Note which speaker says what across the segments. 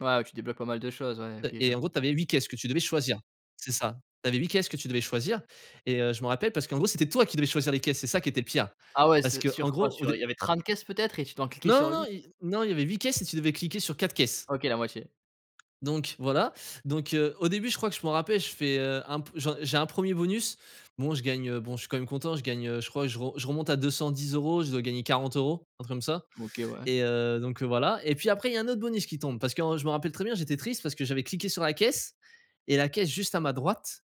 Speaker 1: Ouais tu débloques pas mal de choses. Ouais,
Speaker 2: Heu
Speaker 1: OK je
Speaker 2: et en gros,
Speaker 1: vois.
Speaker 2: tu avais 8 caisses que tu devais choisir. C'est ça, tu avais 8 caisses que tu devais choisir. Et, heu, je me rappelle parce qu'en gros, c'était toi qui devais choisir les caisses. C'est ça qui était le pire.
Speaker 1: Ah ouais,
Speaker 2: Parce
Speaker 1: se
Speaker 2: que en
Speaker 1: sur quoi?
Speaker 2: gros, au
Speaker 1: Sur il
Speaker 2: dé
Speaker 1: y avait 30 caisses peut-être, et tu dois en cliquer
Speaker 2: Non, non,
Speaker 1: sur
Speaker 2: non,
Speaker 1: 8?
Speaker 2: y non, il y avait 8 caisses, et tu devais cliquer sur 4 caisses.
Speaker 1: OK, la moitié.
Speaker 2: Donc voilà. Donc, heu, au début je crois que je m'en rappelle, je fais, heu, un peu j'ai un premier bonus, bon je gagne. Heu, bon je suis quand même content, je gagne, je crois je re je remonte à 210€, je dois gagner 40€, un truc comme ça.
Speaker 1: OK, ouais.
Speaker 2: Et, heu, donc, heu, voilà. Et puis après il y a un autre bonus qui tombe. Parce que en je me rappelle très bien, j'étais triste parce que j'avais cliqué sur la caisse et la caisse juste à ma droite,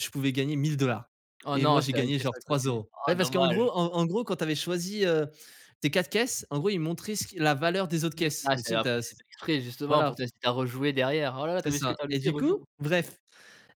Speaker 2: je pouvais gagner 1000$.
Speaker 1: Oh
Speaker 2: Et moi
Speaker 1: non
Speaker 2: j'ai
Speaker 1: c'était la
Speaker 2: gagné
Speaker 1: caisse
Speaker 2: genre,
Speaker 1: à
Speaker 2: trois
Speaker 1: côté,
Speaker 2: euros.
Speaker 1: oh
Speaker 2: Ouais parce qu'en
Speaker 1: dommage.
Speaker 2: gros, en en gros quand tu avais choisi, heu, tes 4 caisses. En gros ils montraient ce qui la valeur des autres
Speaker 1: Mmh.
Speaker 2: caisses.
Speaker 1: Ah
Speaker 2: Mais tu
Speaker 1: c'est
Speaker 2: sais, tu as
Speaker 1: après c'est
Speaker 2: s
Speaker 1: fait exprès justement
Speaker 2: Voilà.
Speaker 1: pour t'inciter à rejouer derrière. «Oh là là t'as
Speaker 2: C'est
Speaker 1: vu ce que
Speaker 2: ça.
Speaker 1: tu as
Speaker 2: Et
Speaker 1: loupé?
Speaker 2: du coup,
Speaker 1: Rejoue».
Speaker 2: bref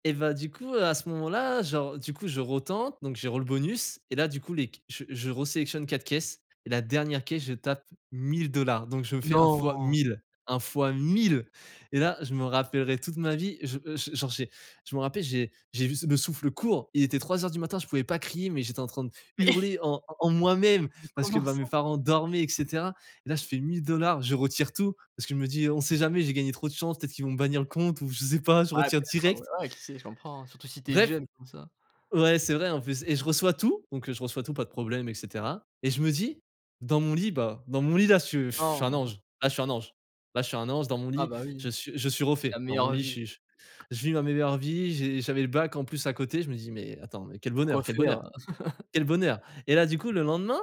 Speaker 2: et bah du coup à ce moment là genre, du coup je retente donc j'ai re le bonus. Et là du coup les c je je re sélectionne 4 caisses et la dernière caisse je tape 1000$ donc je me fais un fois
Speaker 1: Non!
Speaker 2: 1000, un fois 1000. Et là je me rappellerai toute ma vie, je je je genre j'ai je me rappelle, j'ai j'ai vu le souffle court. Il était 03:00 du matin, je pouvais pas crier, mais j'étais en train de hurler en en moi-même,
Speaker 1: Mais
Speaker 2: parce que
Speaker 1: comment
Speaker 2: bah mes
Speaker 1: ça?
Speaker 2: parents dormaient et cetera. Et là, je fais 1000$, je retire tout parce que je me dis, on sait jamais, j'ai gagné. Trop de chance, peut être qu'ils vont bannir le compte, ou je ne sais pas, je
Speaker 1: Ouais
Speaker 2: retire
Speaker 1: peut-être, ah ouais
Speaker 2: direct
Speaker 1: ouais qui sait, je comprends. Surtout si tu es
Speaker 2: bref.
Speaker 1: jeune comme ça.
Speaker 2: Ouais, c'est vrai en plus et je reçois tout, donc je reçois tout, pas de problème, et cetera. Et je me dis, dans mon lit bah, dans mon lit là je je suis un
Speaker 1: Han.
Speaker 2: ange, ah je suis un ange, là je suis un ange dans mon
Speaker 1: Ah
Speaker 2: lit,
Speaker 1: bah oui.
Speaker 2: je suis je suis
Speaker 1: La
Speaker 2: refait. Dans mon
Speaker 1: meilleure
Speaker 2: lit, je
Speaker 1: vie.
Speaker 2: suis je vis ma meilleure vie, j'ai j'avais le bac en plus à côté je me dis: «Mais attends, mais quel
Speaker 1: Pour
Speaker 2: bonheur,
Speaker 1: quoi
Speaker 2: quel
Speaker 1: faire?
Speaker 2: bonheur, quel bonheur» et là, du coup, le lendemain,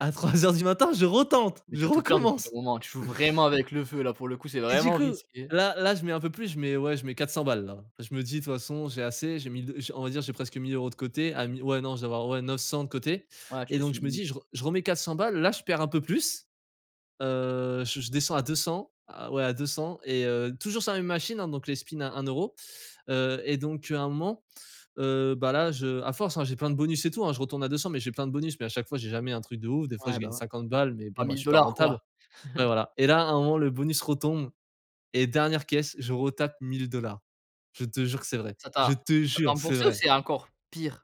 Speaker 2: à 3:00 du matin, je retente,
Speaker 1: Mais
Speaker 2: je
Speaker 1: tu vas tout perdre au bout d'un
Speaker 2: recommence.
Speaker 1: moment. Tu joues vraiment avec le feu là, pour le coup c'est
Speaker 2: Et du
Speaker 1: vraiment
Speaker 2: coup,
Speaker 1: risqué.
Speaker 2: là là, je mets un peu plus, je mets ouais je mets 400 balles là. Je me dis, de toute façon j'ai assez, j'ai 1000 d on va dire, j'ai presque 1000€ de côté. Ah mi ouais non, je dois avoir ouais 900 de côté.
Speaker 1: Ouais tu
Speaker 2: Et
Speaker 1: te laisses
Speaker 2: donc
Speaker 1: une
Speaker 2: je me dis
Speaker 1: limite
Speaker 2: je
Speaker 1: ouais.
Speaker 2: re je remets 400 balles, là je perds un peu plus. Heu, je je descends à 200, à ouais à 200 et, heu, toujours sur la même machine hein, donc les spin à 1€. Heu, et donc à un moment, heu bah là je à force hein j'ai plein de bonus et tout hein. Je retourne à 200 mais j'ai plein de bonus, mais à chaque fois j'ai jamais un truc de ouf. Des fois
Speaker 1: Ouais
Speaker 2: je
Speaker 1: bah
Speaker 2: gagne
Speaker 1: ouais.
Speaker 2: 50 balles, mais bon
Speaker 1: trois
Speaker 2: bah, je
Speaker 1: mille
Speaker 2: suis pas
Speaker 1: dollars
Speaker 2: rentable.
Speaker 1: quoi.
Speaker 2: Ouais voilà et là à un moment le bonus retombe, et dernière caisse je retape 1000$. Je te jure c'est vrai,
Speaker 1: Ça
Speaker 2: je
Speaker 1: t'a,
Speaker 2: te jure c'est
Speaker 1: remboursé ou
Speaker 2: vrai.
Speaker 1: c'est encore, pire?